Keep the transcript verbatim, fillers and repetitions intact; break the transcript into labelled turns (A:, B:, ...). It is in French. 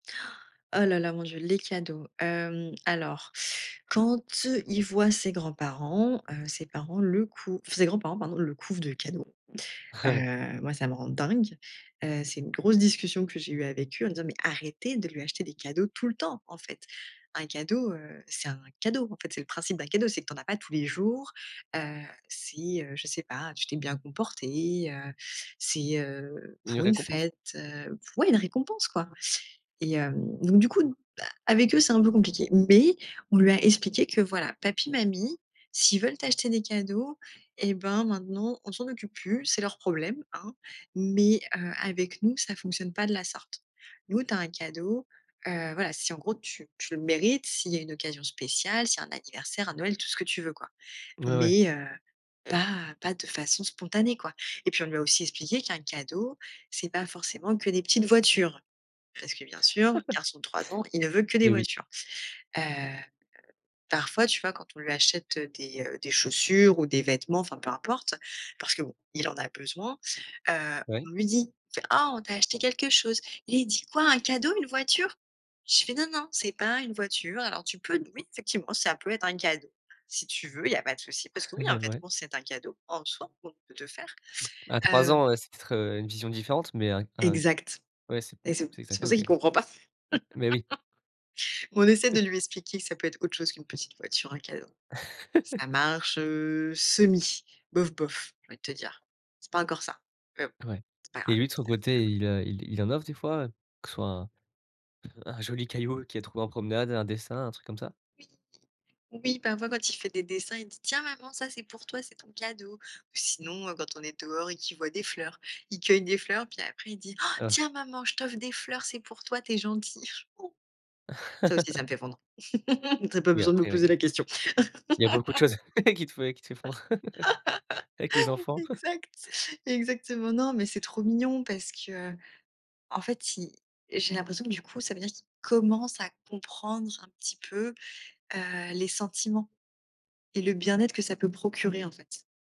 A: Oh là, là, mon Dieu, les cadeaux. Hem, alors quand il voit ses grands-parents, heu, ses parents le cou ses grands-parents pardon, le couvent de cadeaux. Heu, moi ça me rend dingue. Heu, c'est une grosse discussion que j'ai eue avec eux en disant: «Mais arrêtez de lui acheter des cadeaux tout le temps en fait», un cadeau, heu, c'est un cadeau. En fait, c'est le principe d'un cadeau, c'est que tu n'en as pas tous les jours. Heu, si, heu, je sais pas, tu t'es bien comporté, heu, c'est, heu
B: Une
A: pour une
B: récompense?
A: fête, heu oui une récompense quoi et hem, donc du coup, bah avec eux, c'est un peu compliqué. Mais on lui a expliqué que voilà, papi, mamie, s'ils veulent t'acheter des cadeaux et ben maintenant, on s'en occupe plus, c'est leur problème, hein. Mais, heu, avec nous, ça fonctionne pas de la sorte. Nous, tu as un cadeau, heu, voilà, si en gros tu tu le mérites, s'il y a une occasion spéciale, si un anniversaire, un Noël, tout ce que tu veux quoi,
B: Ouais, ouais.
A: mais, heu, pas pas de façon spontanée quoi et puis, on lui a aussi expliqué qu'un cadeau, c'est pas forcément que des petites voitures. Parce que bien sûr garçon de trois ans, il ne veut que des
B: Et oui.
A: voitures. Heu, parfois, tu vois, quand on lui achète des, heu, des chaussures ou des vêtements, enfin, peu importe parce que bon il en a besoin, heu, on
B: Oui.
A: lui dit fait: «Oh on t'a acheté quelque chose». Il dit: «Quoi un cadeau? Une voiture?». Je fais: «Non non, ce n'est pas une voiture. Alors tu peux oui, effectivement, ça peut être un cadeau. Si tu veux, il y a pas de souci. Parce que oui, un
B: Ouais.
A: vêtement c'est un cadeau en soi qu'on peut te faire»,
B: À trois
A: heu
B: ans, heu, c'est peut être, heu, une vision différente, mais un un
A: Exact
B: ouais, c'est
A: et c'est p
B: il sait que c'est un
A: c'est pour
B: cadeau
A: ça
B: quand
A: qu'il
B: même.
A: comprend pas.
B: Mais, oui.
A: On essaie de lui expliquer ça peut être autre chose qu'une petite voiture, un cadeau. Ça marche, heu, semi. Bof bof, j'ai envie de te dire. C'est pas encore ça. Mais bon,
B: Ouais
A: c'est pas
B: et
A: grave.
B: lui, de son côté,
A: [unintelligible]
B: il, heu, il il en offre des fois? Que ce soit un un joli caillou qu'il a trouvé en promenade, un dessin, un truc comme ça?
A: Oui, oui, parfois quand il fait des dessins il dit: «Tiens maman, ça, c'est pour toi, c'est ton cadeau» ou sinon, heu, quand on est dehors et qu'il voit des fleurs, il cueille des fleurs puis après il dit: «Han,
B: Oh.
A: tiens maman je t'offre des fleurs c'est pour toi, tu es gentille». Ça aussi ça me fait fondre. Tu as pas
B: Oui,
A: besoin de me
B: après oui,
A: poser
B: hem
A: la question.
B: Il y a beaucoup de choses qui te fais qui te fais fondre avec les enfants.
A: Exact, exactement. Non, mais c'est trop mignon parce que, heu, en fait, il j'ai l'impression que du coup, ça veut dire qu'il commence à comprendre un petit peu, heu, les sentiments et le bien-être que ça peut procurer en fait.